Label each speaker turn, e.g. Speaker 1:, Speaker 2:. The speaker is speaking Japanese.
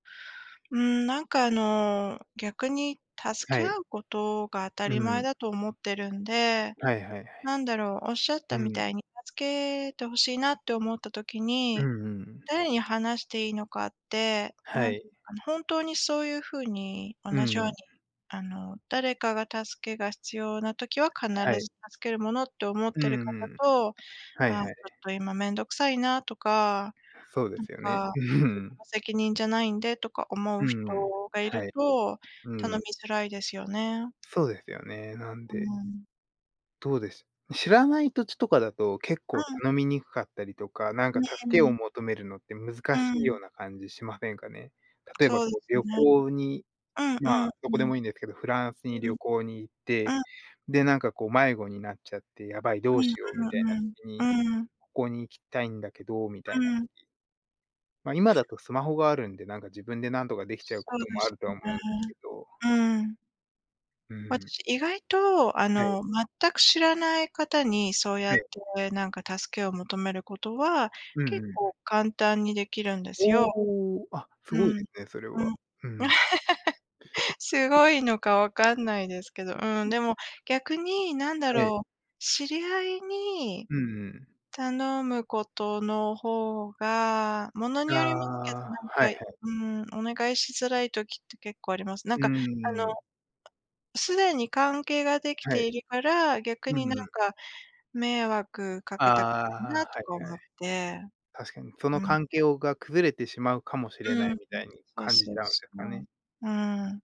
Speaker 1: うーん、なんかあの、逆に、助
Speaker 2: は
Speaker 1: け
Speaker 2: い。
Speaker 1: 合うことが当た
Speaker 2: う
Speaker 1: り前
Speaker 2: ん。
Speaker 1: だと思ってるんで、
Speaker 2: はいはいはい。
Speaker 1: なんだろう、仰っ
Speaker 2: う
Speaker 1: たみ
Speaker 2: ん。
Speaker 1: たいに、助けて欲しいなって思った時
Speaker 2: う
Speaker 1: に、
Speaker 2: んうん。
Speaker 1: 誰に話していいのかって、
Speaker 2: は
Speaker 1: なんて
Speaker 2: い。
Speaker 1: 言うのかな、本当にそういう風に、同
Speaker 2: う
Speaker 1: じように、
Speaker 2: ん。
Speaker 1: あの、誰かが助けが必要な時は、必
Speaker 2: はい。
Speaker 1: ず助けるものって思っ
Speaker 2: う
Speaker 1: てる
Speaker 2: ん
Speaker 1: 方
Speaker 2: うん。
Speaker 1: と
Speaker 2: はい
Speaker 1: 「あ、ちょ
Speaker 2: はい。
Speaker 1: っと今面倒くさいな」とか、
Speaker 2: そうで
Speaker 1: なん
Speaker 2: すよね。
Speaker 1: か
Speaker 2: う
Speaker 1: 「自分
Speaker 2: ん。
Speaker 1: の責任じゃないんで」とか思
Speaker 2: う
Speaker 1: う人
Speaker 2: んうん。
Speaker 1: が居
Speaker 2: は
Speaker 1: る
Speaker 2: い。
Speaker 1: と、
Speaker 2: う
Speaker 1: 頼み
Speaker 2: ん。
Speaker 1: づらいですよね。
Speaker 2: そうですよね、なん
Speaker 1: う
Speaker 2: で
Speaker 1: ん。
Speaker 2: どうです、知らない土地とかだと、結
Speaker 1: う
Speaker 2: 構
Speaker 1: ん。
Speaker 2: 頼みにくかったりとか、なんか
Speaker 1: ね、
Speaker 2: 助
Speaker 1: う
Speaker 2: けを
Speaker 1: ん。
Speaker 2: 求めるのって難
Speaker 1: う
Speaker 2: しいよう
Speaker 1: ん。
Speaker 2: な感じしませんかね？例えば
Speaker 1: そうで
Speaker 2: こう
Speaker 1: す
Speaker 2: 旅
Speaker 1: ね。
Speaker 2: 行に、
Speaker 1: うん
Speaker 2: ま
Speaker 1: うん
Speaker 2: あ、ど
Speaker 1: う
Speaker 2: こで
Speaker 1: ん。
Speaker 2: もいいんですけど、フランスに
Speaker 1: う
Speaker 2: 旅
Speaker 1: ん。
Speaker 2: 行に行って、
Speaker 1: うん。
Speaker 2: で、なんかこう迷子になっちゃって、やばい、
Speaker 1: う
Speaker 2: どう
Speaker 1: ん
Speaker 2: しようみ
Speaker 1: う
Speaker 2: たいな
Speaker 1: ん
Speaker 2: 時
Speaker 1: う
Speaker 2: に、
Speaker 1: ん、うん。
Speaker 2: ここに行きたいんだけど、みた
Speaker 1: う
Speaker 2: いな。
Speaker 1: ん。
Speaker 2: ま、今だとスマホがあるんで、なんか自分で何とか出来ちゃう
Speaker 1: そ
Speaker 2: こと
Speaker 1: うで
Speaker 2: もあ
Speaker 1: す
Speaker 2: るとは
Speaker 1: ね。
Speaker 2: 思うんですけど。
Speaker 1: うん。
Speaker 2: うん。
Speaker 1: 私意外と、あ
Speaker 2: はい。
Speaker 1: の、全く知らない方に、そうや
Speaker 2: は
Speaker 1: っ
Speaker 2: い。
Speaker 1: て、なんか助けを求めることは、
Speaker 2: うん
Speaker 1: 結
Speaker 2: うん。
Speaker 1: 構簡単に出来るんですよ。
Speaker 2: おお。あ、すごい
Speaker 1: う
Speaker 2: で
Speaker 1: ん、
Speaker 2: すね、それ
Speaker 1: う
Speaker 2: は。
Speaker 1: ん。
Speaker 2: うん。
Speaker 1: すごいのか分かんないですけど、う
Speaker 2: う
Speaker 1: ん、
Speaker 2: ん。
Speaker 1: でも、逆に、なんだ
Speaker 2: はい。
Speaker 1: ろう、知り合いに、
Speaker 2: うんうん。
Speaker 1: 頼むことの方が、物
Speaker 2: あ
Speaker 1: によりますけど、な
Speaker 2: あ、
Speaker 1: ん
Speaker 2: はいは
Speaker 1: か、
Speaker 2: い。
Speaker 1: うん、お願いしづらい時って結構あります。な
Speaker 2: う
Speaker 1: んか、あの、
Speaker 2: ーん。
Speaker 1: 既に関係が出来
Speaker 2: はい。
Speaker 1: ているから、逆
Speaker 2: うん
Speaker 1: になん
Speaker 2: うん。
Speaker 1: か、迷惑か
Speaker 2: あ
Speaker 1: けたくないな
Speaker 2: あ、
Speaker 1: と
Speaker 2: は
Speaker 1: か
Speaker 2: いはい。
Speaker 1: 思って。
Speaker 2: 確かに、その
Speaker 1: うん。
Speaker 2: 関係をが崩れてしまうかもしれな
Speaker 1: う
Speaker 2: い、
Speaker 1: ん。
Speaker 2: みたいに
Speaker 1: そう
Speaker 2: 感じ
Speaker 1: そう
Speaker 2: ちゃうんで
Speaker 1: そ
Speaker 2: すかね。
Speaker 1: う。うん。